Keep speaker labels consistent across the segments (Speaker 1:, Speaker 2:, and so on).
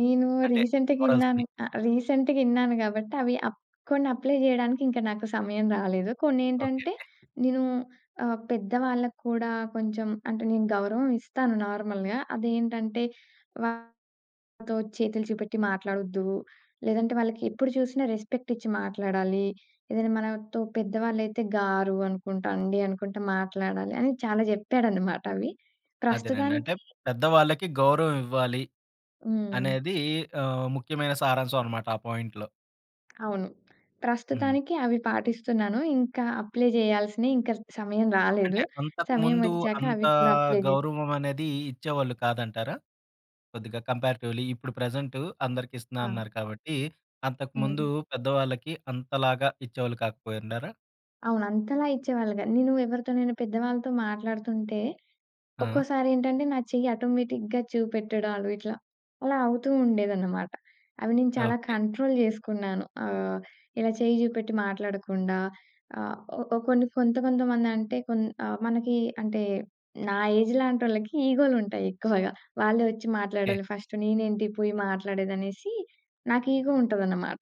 Speaker 1: నేను
Speaker 2: అంటే
Speaker 1: రీసెంట్‌గిన్నాను
Speaker 2: మోరల్స్‌ని.
Speaker 1: ఆహ్, రీసెంట్‌గిన్నాను గాబట్టి, అవి అప్ కొన్న అప్లై చేయడానికింక నాకు సమయం రాలేదు. కొన్నేంటంటే,
Speaker 2: ఓకేకే.
Speaker 1: నేను ఆహ్, పెద్ద వాళ్ళక్కూడా కొంచెం అంటే నేను గౌరవం ఇస్తాను నార్మల్‌గా. అదేంటంటే, వాళ్లతో చేతులు చూపెట్టి మాట్లాడొద్దు, లేదంటే వాళ్ళకెప్పుడు చూసినా రెస్పెక్ట్ ఇచ్చి మాట్లాడాలి. ఏదైనా మనతో పెద్ద వాళ్ళయితే గారు అనుకుంటా, అండి అనుకుంట మాట్లాడాలి. అని చాలా చెప్పాడన్నమాట అవి.
Speaker 2: అదేనండి. అంటే
Speaker 1: ప్రస్తుతానికి
Speaker 2: పెద్దవాళ్ళకి గౌరవం ఇవ్వాలి
Speaker 1: హ్మ్.
Speaker 2: అనేది ఆహ్, ముఖ్యమైన సారాంశం అన్నమాట ఆ పాయింట్‌లో.
Speaker 1: అవును.
Speaker 2: హ్మ్.
Speaker 1: ప్రస్తుతానికి అవి పాటిస్తున్నాను. ఇంకా అప్లై జేయాల్సినయి ఇంకా సమయం రాలేదు.
Speaker 2: అంటే, అంతకు ముందు
Speaker 1: సమయమొచ్చాక
Speaker 2: అంత
Speaker 1: అవి కూడా అప్లై జే
Speaker 2: గౌరవం అనేది ఇచ్చేవాళ్ళు కాదంటారా? కొద్దిగా కంపేరేటివ్లి ఇప్పుడు ప్రెజెంటు అందరికిస్తున్నా
Speaker 1: ఆ!
Speaker 2: అన్నారు కాబట్టి. అంతకు ముందు,
Speaker 1: హ్మ్.
Speaker 2: పెద్దవాళ్ళకి అంతలాగా ఇచ్చేవాళ్ళు కాకపోయిండారా?
Speaker 1: అవును. అంతలా ఇచ్చేవాళ్ళు కాదు. నేను ఎవరితోనైనా పెద్దవాళ్ళతో మాట్లాడుతుంటే,
Speaker 2: ఆ!
Speaker 1: ఒక్కోసారేంటంటే నా చెయ్యి ఆటోమేటిక్‌గా చూపెట్టడాలు ఇట్లా, అలా అవుతూ ఉండేదన్నమాట. అవి నేను చాలా
Speaker 2: ఓకే.
Speaker 1: కంట్రోల్ జేసుకున్నాను. ఆహ్, ఇలా చెయ్యి జూపెట్టి మాట్లాడకుండా ఆహ్, ఓ కొన్ని కొంత కొంతమందంటే, ఆహ్, మనకి అంటే నా ఏజ్ లాంటోళ్ళకి ఈగో‌లుంటాయి ఎక్కువగా. వాళ్ళే వచ్చి
Speaker 2: కే
Speaker 1: మాట్లాడాలి ఫస్ట్. నేనేంటి పోయి మాట్లాడేదనేసి నాకు ఇగో ఉంటదన్నమాట.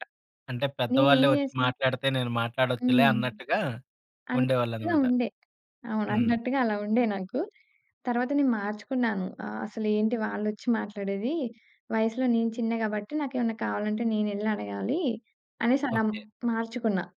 Speaker 2: అంటే పెద్దవాళ్లే
Speaker 1: నేనేం
Speaker 2: వచ్చి
Speaker 1: జేశా
Speaker 2: మాట్లాడితే, నేను మాట్లాడొచ్చులే
Speaker 1: హ్మ్.
Speaker 2: అన్నట్టుగా
Speaker 1: అనట్టు‌గా
Speaker 2: ఉండేవాళ్ళన్నమాట.
Speaker 1: ఉండే. అవును.
Speaker 2: హ్మ్.
Speaker 1: అన్నట్టుగా అలా ఉండే నాకు. తరువాత నేను మార్చుకున్నాను. ఆహ్, అసలేంటి వాళ్లొచ్చి మాట్లాడేది? వయసులో నేను చిన్న గాబట్టి నాకేమన్నా కావాలంటే నేనెళ్లడగాలి అనేసలా
Speaker 2: ఓకే.
Speaker 1: మార్చుకున్న.